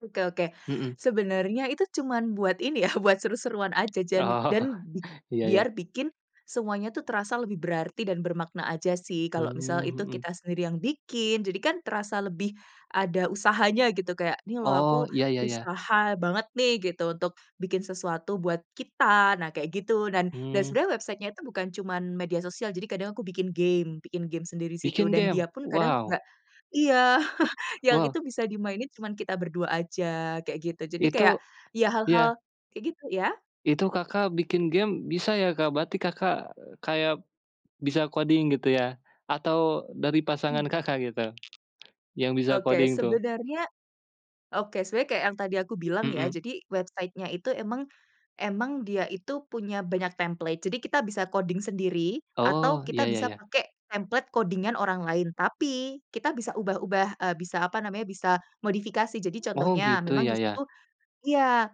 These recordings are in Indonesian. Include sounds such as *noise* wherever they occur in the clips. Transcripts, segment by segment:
Oke oke. Mhm. Sebenarnya itu cuman buat ini ya, buat seru-seruan aja jan dan *chuckles* bi Iya iya. biar bikin semuanya tuh terasa lebih berarti dan bermakna saja sih kalau misal Mmm, itu mhm. kita sendiri yang bikin, jadi kan terasa lebih ada usahanya gitu. Kayak ini loh, Oh, aku iya iya iya. usaha banget nih gitu untuk bikin sesuatu buat kita, nah kayak gitu, dan dan Mmm. sebenarnya website-nya itu bukan cuman media sosial. Jadi kadang aku bikin game, bikin game sendiri disitu Bikin dan game? dia pun kadang Wow. enggak iya, *chuckles* yang Wow. itu bisa dimainin cuman kita berdua saja kayak gitu. Jadi kayak, Itu iya iya. hal-hal kayak gitu iya? Itu, Kakak, bikin game bisa ya, Kak? Berarti, Kakak, kayak, bisa coding gitu ya, atau dari pasangan, Hmm. Kakak, gitu? yang bisa Oke coding tuh? sebenarnya oke sebenarnya kayak yang tadi aku bilang ya, Mhm. jadi website-nya itu memang memang dia itu punya banyak template. Jadi kita bisa coding sendiri atau Oh, iya kita iya bisa iya. pakai template coding-an orang lain. Tapi kita bisa ubah ubah, eee, bisa apa namanya bisa modifikasi. Jadi Oh contohnya, gitu, memang iya iya. disitu iya.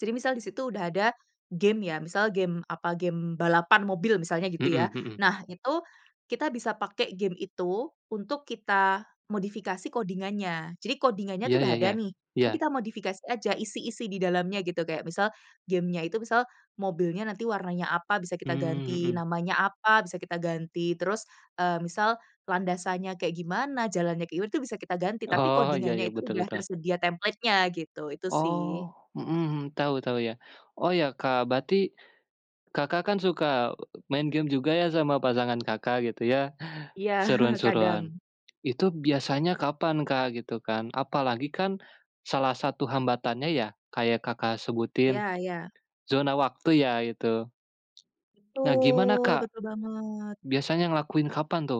Jadi misal disitu sudah ada game ya, misal game apa, game balapan mobil misalnya, gitu ya. Mhm mhm. Nah, itu, kita bisa pakai game itu untuk kita modifikasi coding-annya. Jadi coding-annya Iya itu sudah iya ada iya. nih. Tapi Iya. kita modifikasi saja, isi-isi di dalamnya gitu. Kayak misal game-nya itu misal, mobilnya nanti warnanya apa? Bisa kita Mmm, ganti mhm. namanya apa, bisa kita ganti. Terus, eee, misal landasannya kayak gimana, jalannya ke *unintelligible* itu bisa kita ganti. Tapi Oh, iya coding-annya iya, itu betul udah betul. tersedia templatenya, gitu. Itu sih. Oh, mhm mhm, tahu tahu ya. Oh iya, Kak, berarti, Kakak, kan suka main game juga ya sama pasangan, Kakak, gitu ya, Iya, seruan *chuckles* seruan. kadang. Itu biasanya kapan, Kak, gitu kan, apalagi kan, salah satu hambatannya ya, kayak Kakak, sebutin, Iya iya. zona waktu iya, itu? Nah gimana Betul Kak? betul banget. biasanya ngelakuin apaan tuh?